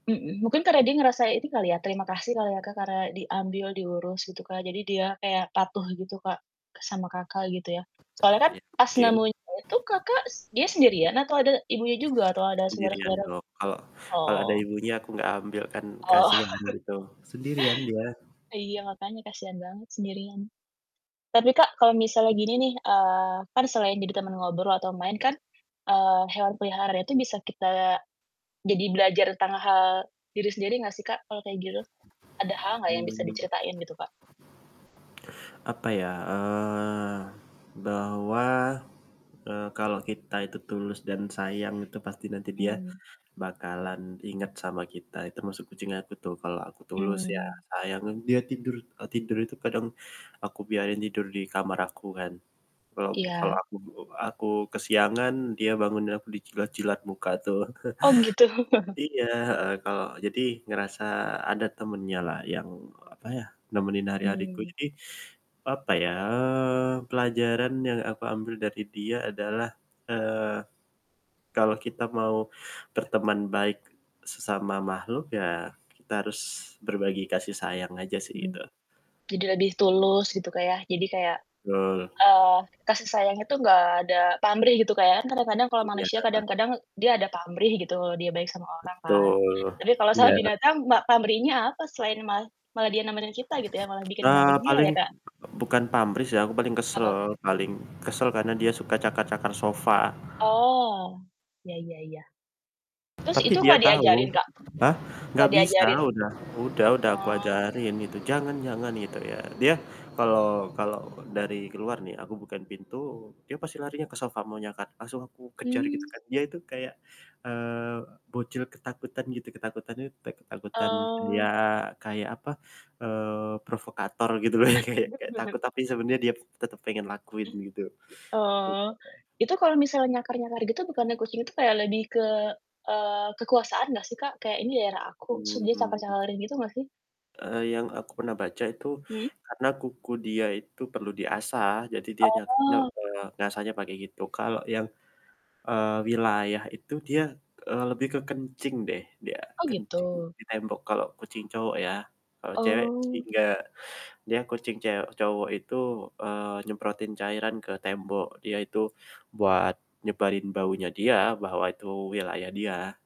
Mhm, mungkin karena dia ngerasa ini kali ya, terima kasih kali ya, Kak, karena diambil, diurus gitu, Kak, jadi dia kayak patuh gitu, Kak, sama Kakak, gitu ya. Soalnya kan Ya, pas mungkin. nemuinnya itu Kakak, s dia sendirian atau ada ibunya juga, atau ada Sendirian saudara-saudaranya? dong, kalo kalo ada Oh. ibunya aku nggak ambil kan Oh. kasihan gitu, sendirian dia. Iya, makanya kasihan banget sendirian. Tapi, Kak, kalau misalnya gini nih, eee, kan selain jadi temen ngobrol atau main kan, eee, hewan peliharaan itu bisa kita jadi belajar tentang hal diri sendiri nggak sih, Kak, kalau kayak gitu? Ada hal nggak yang bisa Mmm. diceritain gitu, Kak? Apa ya? Eee, bahwa, eee, kalau kita itu tulus dan sayang itu pasti nanti dia Mmm. bakalan inget sama kita, ya termasuk kucing aku tuh, kalau aku tulus ya Mmm. sayang, dia tidur eee, tidur itu kadang aku biarin tidur di kamar aku kan. Kalau ku kalau Iya. aku be aku kesiangan dia bangunin aku dijilat-jilat muka tuh. Oh, gitu. Iya, heeh, kalau jadi ngerasa ada temennya lah yang, apa ya, nemenin hari-hariku, Mmm. jadi, papa ya, eee, pelajaran yang aku ambil dari dia adalah, eee, kalau kita mau berteman baik sesama makhluk, ya, kita harus berbagi kasih sayang aja sih, Mmm, gitu. tidak di tulus gitu, Kak, ya. Jadi kayak, Betul. eee, kasih sayang itu nggak ada pamrih gitu, Kak, ya. Kan kadang-kadang kalau Iya, manusia Kak. kadang-kadang dia ada pamrih gitu, dia baik sama orang kan. Betul. Tapi kalau sama Iya. binatang ma pamrihnya apa selain ma malah dia nemenin kita, gitu ya, malah bikin Nah, bahagia paling ya, Kak? bukan pamrih, sih. Aku paling kesel Apa? paling kesel karena dia suka cakar-cakar sofa. Oh. Iya iya iya. Terus Tapi itu dia nggak tahu. diajarin, Kak? Hah? Nggak Nggak bisa, diajarin? udah udah, udah aku Oh. ajarin itu, jangan jangan gitu, ya. Dia kalo kalo dari keluar nih, aku bukain pintu, dia pasti larinya ke sofa mau nyakar, langsung aku kejar gitu Mmm. kan. Dia itu kayak, eee, bocil ketakutan, gitu, ketakutannya tek ketakutan, ya, Oh. kayak, apa, eee, provokator gitu loh. Yang kayak kayak takut, tapi sebenernya dia tetep pengen lakuin, gitu. Oh. Gitu loh. Itu kalau misalnya nyakar-nyakar gitu bukannya kucing itu kayak lebih ke eee, kekuasaan nggak sih, Kak? Kayak, "Ini daerah aku." Terus dia Hmm. cakar-cakarin gitu nggak sih? Eee, yang aku pernah baca itu, Mhm. karena kuku dia itu perlu diasah. Jadi dia nyak nye Oh. eee, ngasahnya pakai gitu. Kalo yang, eee, wilayah itu dia, eee, lebih ke kencing deh dia, Oh, kencing gitu? di tembok kalo kucing cowok ya, kalo cewek sih Oh. nggak. Dia kucing cew cowok itu, eee, nyemprotin cairan ke tembok. Dia itu buat nyebarin baunya dia, bahwa itu wilayah dia.